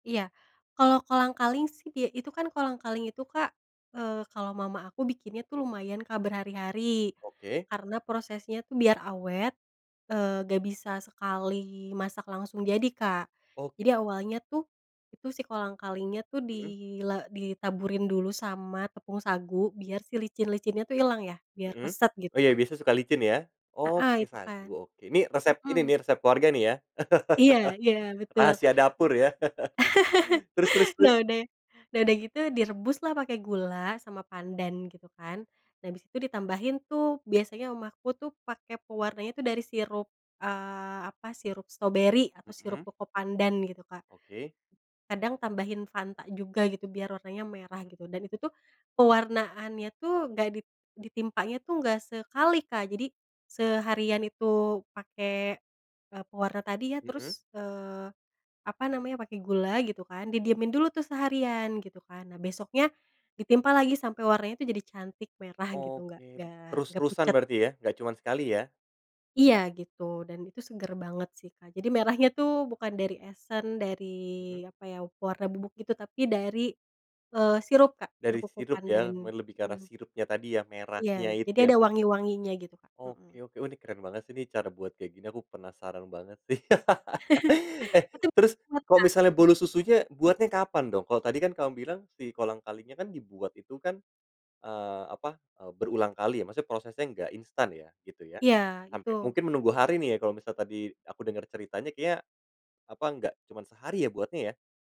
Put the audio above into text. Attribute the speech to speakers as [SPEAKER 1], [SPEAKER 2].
[SPEAKER 1] Iya. Kalau kolang-kaling sih dia itu kan kolang-kaling itu Kak, eee, kalau mama aku bikinnya tuh lumayan Kak, berhari-hari.
[SPEAKER 2] Oke.
[SPEAKER 1] Karena prosesnya tuh biar awet, eee, nggak bisa sekali masak langsung jadi Kak.
[SPEAKER 2] Oke.
[SPEAKER 1] Jadi awalnya tuh, itu si kolang-kalinya tuh di
[SPEAKER 2] Mhm.
[SPEAKER 1] la ditaburin dulu sama tepung sagu, biar si licin-licinnya tuh ilang ya. Biar
[SPEAKER 2] Mhm.
[SPEAKER 1] keset
[SPEAKER 2] Oh
[SPEAKER 1] gitu
[SPEAKER 2] iya,
[SPEAKER 1] Kak.
[SPEAKER 2] biasa suka licin ya. Oh
[SPEAKER 1] Heeh,
[SPEAKER 2] pakai
[SPEAKER 1] itu
[SPEAKER 2] sagu,
[SPEAKER 1] kan.
[SPEAKER 2] oke. Nih resep ini
[SPEAKER 1] Mhm.
[SPEAKER 2] nih resep keluarga nih ya.
[SPEAKER 1] Iya iya, betul.
[SPEAKER 2] Rahasia dapur gitu ya. Terus terus terus?
[SPEAKER 1] Nah udah nah udah gitu direbus lah pake gula sama pandan gitu kan. Nah abis itu ditambahin tuh biasanya mama aku tuh pake pewarnanya tuh dari sirup, eee, apa, sirup stroberi atau sirup
[SPEAKER 2] Mhm.
[SPEAKER 1] cocopandan gitu Kak.
[SPEAKER 2] Oke.
[SPEAKER 1] Kadang tambahin Fanta juga gitu biar warnanya merah gitu. Dan itu tuh pewarnaanya tuh nggak dit ditimpanya tuh nggak sekali Kak. Jadi seharian itu pake e pewarna tadi ya,
[SPEAKER 2] Mhm.
[SPEAKER 1] terus, eee, apa namanya, pake gula gitu kan.
[SPEAKER 2] Hmm.
[SPEAKER 1] Didiemin dulu tuh seharian, gitu kan. Nah besoknya ditimpa lagi sampai warnanya itu jadi cantik merah gitu, nggak
[SPEAKER 2] Oke.
[SPEAKER 1] nggak nggak
[SPEAKER 2] Terus-terusan
[SPEAKER 1] pucat.
[SPEAKER 2] berarti ya? Nggak cuman sekali ya?
[SPEAKER 1] Iya gitu dan itu seger banget sih Kak. Jadi merahnya tuh bukan dari esen, dari
[SPEAKER 2] Mhm.
[SPEAKER 1] apa ya, warna bubuk gitu, tapi dari, eee, sirup Kak, sirup
[SPEAKER 2] Dari sirup ya?
[SPEAKER 1] cocopandan,
[SPEAKER 2] Mel lebih ke arah
[SPEAKER 1] mmm.
[SPEAKER 2] sirupnya tadi ya,
[SPEAKER 1] Iya.
[SPEAKER 2] merahnya itu
[SPEAKER 1] Jadi
[SPEAKER 2] yang
[SPEAKER 1] ada
[SPEAKER 2] di
[SPEAKER 1] wangi-wanginya gitu Kak.
[SPEAKER 2] Oke
[SPEAKER 1] Mhm.
[SPEAKER 2] oke. Oh nih keren banget sih nih, cara buat kayak gini aku penasaran banget sih. Eh,
[SPEAKER 1] Itu
[SPEAKER 2] terus,
[SPEAKER 1] [unintelligible]
[SPEAKER 2] kok
[SPEAKER 1] Kak,
[SPEAKER 2] misalnya
[SPEAKER 1] mhm.
[SPEAKER 2] bolu susunya buatnya kapan dong? Kalau tadi kan kamu bilang si kolang-kalingnya kan dibuat itu kan, eee, apa, e berulangkali ya, maksudnya prosesnya nggak instan ya, gitu ya.
[SPEAKER 1] Iya,
[SPEAKER 2] Sampai
[SPEAKER 1] itu
[SPEAKER 2] mungkin menunggu hari nih ya kalau misal tadi aku denger ceritanya kayaknya, apa, nggak cuma sehari ya buatnya ya?